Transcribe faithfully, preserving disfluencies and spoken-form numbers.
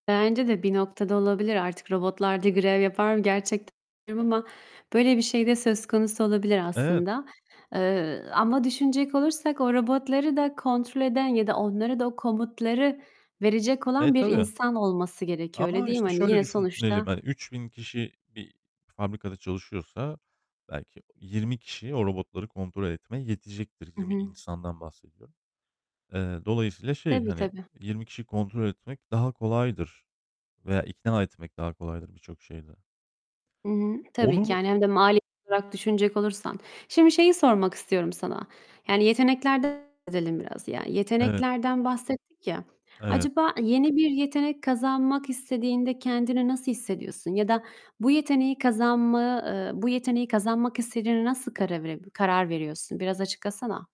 Bence de bir noktada olabilir. Artık robotlar da grev yapar mı gerçekten [unintelligible] ama böyle bir şey de söz konusu olabilir Evet. aslında. Eee, ama düşünecek olursak o robotları da kontrol eden ya da onlara da o komutları verecek Eee, olan bir tabii. insan olması gerekiyor öyle, Ama, değil mi? işte, Hani, şöyle yine düşünelim, sonuçta hani, üç bin kişi bir fabrikada çalışıyorsa belki yirmi kişi o robotları kontrol etmeye yetecektir. Hı yirmi hı. insandan bahsediyorum. Eee, dolayısıyla şey, Tabii, hani, tabii. yirmi kişiyi kontrol etmek daha kolaydır veya ikna etmek daha kolaydır birçok şeyde. Hı hı, tabii ki Onu yani hem de mali olarak düşünecek olursan. Şimdi şeyi sormak istiyorum sana. Yani, yeteneklerden söz edelim biraz yani. Evet. Yeteneklerden bahsettik ya. Evet. Acaba yeni bir yetenek kazanmak istediğinde kendini nasıl hissediyorsun ya da bu yeteneği kazanma eee, bu yeteneği kazanmak istediğine nasıl karav karar veriyorsun? Biraz açıklasana.